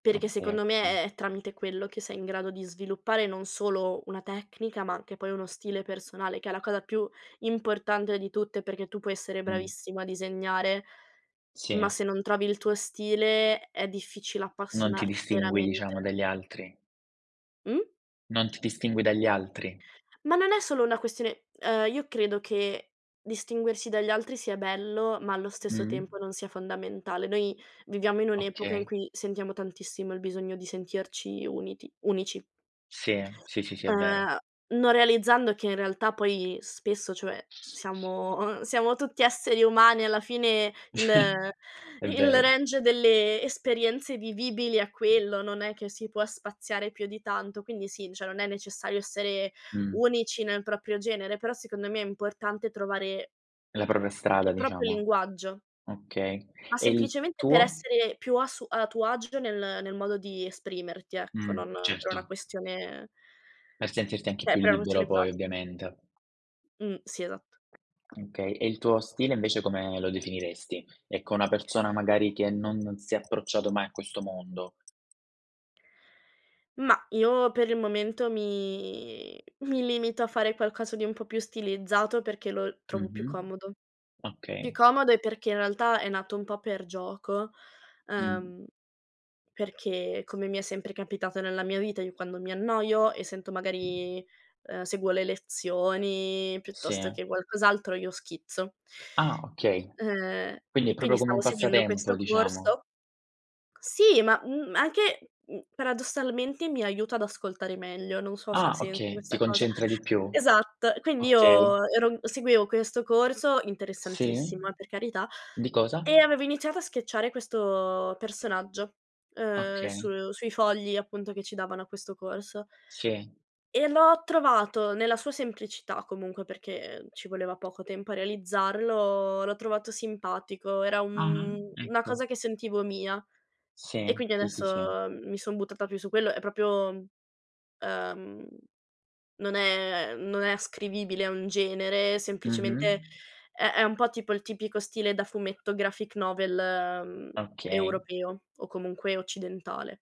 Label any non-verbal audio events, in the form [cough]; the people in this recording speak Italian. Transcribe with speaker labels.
Speaker 1: Mh,
Speaker 2: Perché
Speaker 1: sì,
Speaker 2: secondo me
Speaker 1: okay.
Speaker 2: è è tramite quello che sei in grado di sviluppare non solo una tecnica, ma anche poi uno stile personale, che è la cosa più importante di tutte, perché tu puoi essere
Speaker 1: Mh.
Speaker 2: bravissima a disegnare, ma
Speaker 1: Sì.
Speaker 2: se non trovi il tuo stile è difficile
Speaker 1: Non ti
Speaker 2: appassionar
Speaker 1: distingui diciamo
Speaker 2: veramente.
Speaker 1: dagli altri.
Speaker 2: Mh.
Speaker 1: Non ti distingui dagli altri.
Speaker 2: Ma non è solo una questione uhm, io credo che distinguersi dagli altri sia bello, ma allo stesso
Speaker 1: Mh.
Speaker 2: tempo non sia fondamentale. Noi viviamo in un'epoca in
Speaker 1: Okay.
Speaker 2: cui sentiamo tantissimo il bisogno di sentirci uniti unici.
Speaker 1: Sì, sì, sì, sì, è vero.
Speaker 2: Ehm, non realizzando che in realtà poi spesso, cioè, siamo uhm, siamo tutti esseri umani alla fine, il
Speaker 1: [chuckles] È
Speaker 2: il
Speaker 1: vero.
Speaker 2: range delle esperienze vivibili è quello, non è che si può spaziare più di tanto, quindi sì, cioè, non è necessario essere
Speaker 1: Mh.
Speaker 2: unici nel proprio genere, però secondo me è importante trovare
Speaker 1: La propria strada
Speaker 2: il proprio
Speaker 1: diciamo.
Speaker 2: linguaggio.
Speaker 1: Okay,
Speaker 2: Ma
Speaker 1: e il
Speaker 2: semplicemente per
Speaker 1: tuo?
Speaker 2: essere più a su a tuo agio nel nel modo di esprimerti, ecco,
Speaker 1: Mh,
Speaker 2: non per una
Speaker 1: certo.
Speaker 2: questione
Speaker 1: Per sentirti anche
Speaker 2: cioè,
Speaker 1: più
Speaker 2: per una
Speaker 1: libero
Speaker 2: questione
Speaker 1: poi
Speaker 2: pratica.
Speaker 1: ovviamente.
Speaker 2: Mh, sì, esatto.
Speaker 1: Okay. E il tuo stile invece come lo definiresti? Ecco una persona magari che no non si è approcciato mai a questo mondo.
Speaker 2: Mah, io per il momento mi mi limito a fare qualcosa di un po' più stilizzato perché lo trovo più
Speaker 1: Mh-mh.
Speaker 2: comodo. Più
Speaker 1: Okay.
Speaker 2: comodo è perché in realtà è nato un po' per gioco,
Speaker 1: Mh.
Speaker 2: uhm, perché come mi è sempre capitato nella mia vita io quando mi annoio e sento magari uhm, seguo le lezioni piuttosto
Speaker 1: Sì.
Speaker 2: che qualcos'altro, io schizzo.
Speaker 1: Ah, okay.
Speaker 2: Ehm,
Speaker 1: Quindi è
Speaker 2: e quindi
Speaker 1: proprio come un
Speaker 2: stavo seguendo
Speaker 1: passatempo
Speaker 2: questo
Speaker 1: diciamo?
Speaker 2: corso. Sì, ma, mhmm, anche, uhm, mhmm, paradossalmente mi aiuta ad ascoltare meglio, non so se ha
Speaker 1: Ah,
Speaker 2: senso
Speaker 1: okay, ti
Speaker 2: questa cosa.
Speaker 1: concentra di più?
Speaker 2: Esatto, quindi
Speaker 1: Okay.
Speaker 2: io ero n seguivo questo corso,
Speaker 1: Sì.
Speaker 2: interessantissimo eh, per carità,
Speaker 1: Di cosa?
Speaker 2: e avevo iniziato a sketchare questo personaggio, uhm,
Speaker 1: Okay.
Speaker 2: su sui fogli appunto che ci davano a questo corso.
Speaker 1: Sì.
Speaker 2: E l'ho trovato, nella sua semplicità comunque perché ci voleva poco tempo a realizzarlo, l'ho trovato simpatico, era un
Speaker 1: Mh-mh,
Speaker 2: una
Speaker 1: ecco.
Speaker 2: cosa che sentivo mia e
Speaker 1: Sì,
Speaker 2: quindi
Speaker 1: sì, sì, sì.
Speaker 2: adesso mi son buttata più su quello. È proprio, mhmm, ehm, non è non è ascrivibile a un genere, semplicemente
Speaker 1: Mh-mh.
Speaker 2: è è un po' tipo il tipico stile da fumetto graphic novel, uhm,
Speaker 1: Okay.
Speaker 2: europeo o comunque occidentale.